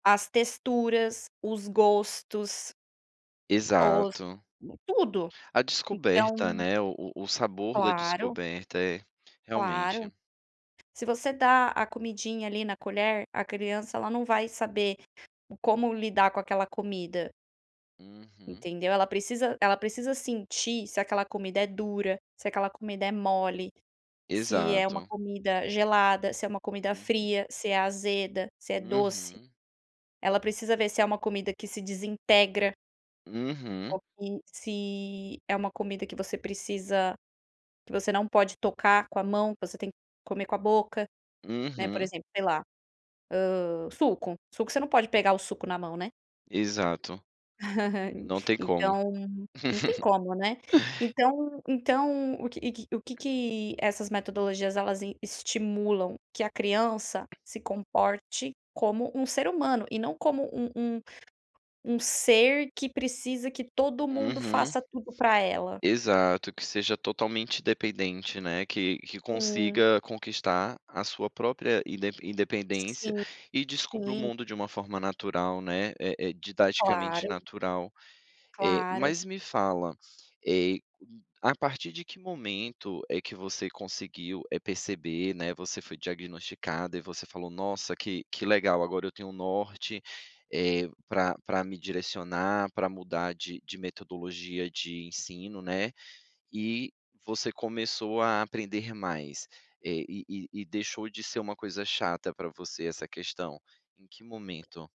As texturas, os gostos os Exato. tudo, A descoberta, então né, o o o sabor da Claro. descoberta. É, Claro. realmente. Se você dá a comidinha ali na colher, a criança, ela não vai saber o como lidar com aquela comida. Uhum. Entendeu. Ela precisa ela precisa sentir se aquela comida é dura, se aquela comida é mole, se é uma Exato. comida gelada, se é uma comida Uhum. fria, se é azeda, se é doce. Uhum. Ela precisa ver se é uma comida que se desintegra Uhum. ou que se é uma comida que você precisa que você não pode tocar com a mão, que você tem que comer com a boca, né, por Uhum. exemplo sei lá, hã, suco. Suco, você não pode pegar o suco na mão, né. Exato. Não tem como. Então, não tem como, né. Então então o que que o que que essas metodologias, elas em estimulam? Que a criança se comporte como um ser humano, e não como um um um ser que precisa que todo mundo Uhum. faça tudo pra ela. Exato, que seja totalmente dependente, né, que que Hã. consiga conquistar, a sua própria indepen independência, Sim, e descubra o sim. mundo de uma forma natural, né, eh eh, didaticamente Claro. natural, eh, Claro. mas me fala, eh, a partir de que momento é que você conseguiu, eh, perceber, né, você foi diagnosticada e você falou: "Nossa, que que legal agora eu tenho um norte, eh, pra pra me direcionar, pra mudar de de metodologia de ensino, né, e você começou a aprender mais? Eh, e e e deixou de ser uma coisa chata para você, essa questão. Em que momento?